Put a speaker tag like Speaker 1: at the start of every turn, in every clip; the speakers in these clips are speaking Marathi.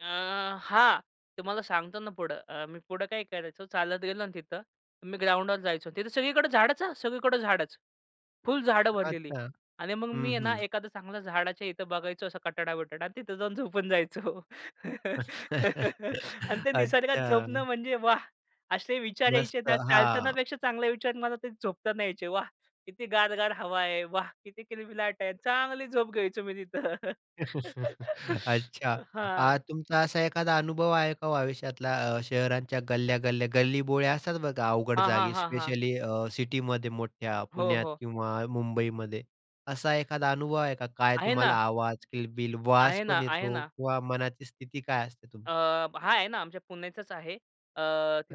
Speaker 1: अ, हां. तुम्हाला सांगतो ना, पुढं अ, मी पुढं काय करायचं चालत गेलो ना तिथं. मी ग्राउंडवर जायचो तिथं. सगळीकडे झाडाचं हं, सगळीकडं झाडच. फुल झाडं भरलेली
Speaker 2: अच्छा.
Speaker 1: आणि मग मी
Speaker 2: हं,
Speaker 1: आहे ना
Speaker 2: हं.
Speaker 1: एखादं चांगलं झाडाच्या इथं बघायचो असा कठडा, बिठडा आणि तिथं जाऊन झोपून जायचो. आणि ते निसर्गात
Speaker 2: अच्छा.
Speaker 1: झोपणं म्हणजे वाह! असे विचार
Speaker 2: मस्त.
Speaker 1: यायचे ना,
Speaker 2: हां.
Speaker 1: चालतानापेक्षा चांगले विचार मला ते झोपताना यायचे. वाह! किती गार-गार हवा आहे, वाह! किती किलबिलाट आहे. चांगली झोप घ्यायचो मी तिथं.
Speaker 2: अच्छा.
Speaker 1: हां.
Speaker 2: आ तुमचा असा एखादा अनुभव आहे का हो आयुष्यातला अ, शहरांच्या गल्ल्या-गल्ल्या गल्लीबोळ्या असतात बघा. अवघड
Speaker 1: हां, हां,
Speaker 2: जागी
Speaker 1: हां, हां.
Speaker 2: स्पेशली अ, सिटीमध्ये मोठ्या,
Speaker 1: हो,
Speaker 2: पुण्यात
Speaker 1: हो.
Speaker 2: किंवा मुंबईमध्ये. असा एखादा अनुभव आहे का काय
Speaker 1: आहे
Speaker 2: तुम्हाला
Speaker 1: ना.
Speaker 2: आवाज, किलबिल, वास
Speaker 1: आहे ना,
Speaker 2: पण
Speaker 1: आहे
Speaker 2: येतो
Speaker 1: ना.
Speaker 2: किंवा मनाची स्थिती काय असते तुमची?
Speaker 1: अ, हां, आहे ना आमच्या पुण्याचाच आहे. अ,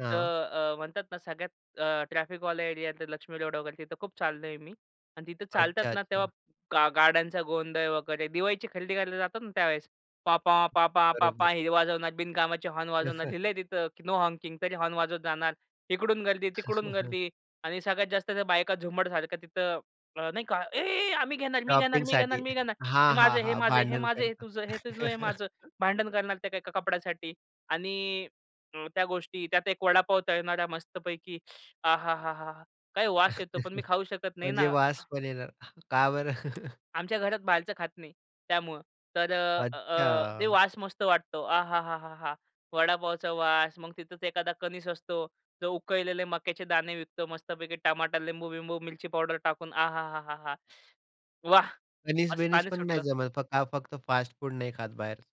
Speaker 2: हां.
Speaker 1: अ, म्हणतात ना सगळ्यात अ, ट्रॅफिकवाले एरियात लक्ष्मी रोड वगैरे तिथं खूप चाललोय मी. आणि तिथं चालतात
Speaker 2: अच्छा,
Speaker 1: ना, तेव्हा
Speaker 2: अच्छा.
Speaker 1: गा गाड्यांचा गोंधळ वगैरे, दिवाळीची खरेदी करायला जातात ना त्यावेळेस. पॉपॉ, पॉपॉ, पॉपॉ
Speaker 2: बरोबर.
Speaker 1: हे वाजवणार बिनकामाचे हॉर्न वाजवणार. लिहिलंय तिथं की नो हॉकिंग तरी हॉर्न वाजवत जाणार. इकडून गर्दी, तिकडून गर्दी आणि सगळ्यात जास्त त्या बायका झुंबडसारख्या तिथं अ, नाही का, "ए, ए आम्ही घेणार, मी घेणार, मी घेणार,
Speaker 2: शॉपिंगसाठी.
Speaker 1: मी घेणार.
Speaker 2: हां,
Speaker 1: हे
Speaker 2: हां,
Speaker 1: माझं आहे. हे
Speaker 2: हां,
Speaker 1: माझं आहे. हे
Speaker 2: भांडण
Speaker 1: माझं आहे. हे
Speaker 2: करतात.
Speaker 1: तुझं. हे तुझं आहे." हे माझं भांडण करणार त्या एका कपड्यासाठी आणि अं, त्या गोष्टी त्यात एक वडापाव तळणाऱ्या मस्तपैकी "आहा! हा, हा, हा!" काय वास येतो, पण मी खाऊ शकत नाही
Speaker 2: म्हणजे
Speaker 1: ना
Speaker 2: वास पण येणार. का बरं?
Speaker 1: आमच्या घरात बाहेरचं खात नाही त्यामुळं. तर अ, अ, ते
Speaker 2: अच्छा.
Speaker 1: वास मस्त वाटतो. आहाहाहाहा! वडापावचा वास मग तिथंच एखादा कणीस असतो. जो उकळलेले मक्याचे दाणे विकतो मस्तपैकी टमाटर, लिंबू बिम्बू मिरची पावडर टाकून आहाहाहाहा! वाह! असं
Speaker 2: कणीस-बिनीस
Speaker 1: पाणी
Speaker 2: पण नाही
Speaker 1: सुटलं.
Speaker 2: जमत? फ का फक्त फास्ट फूड नाही खात बाहेरचं?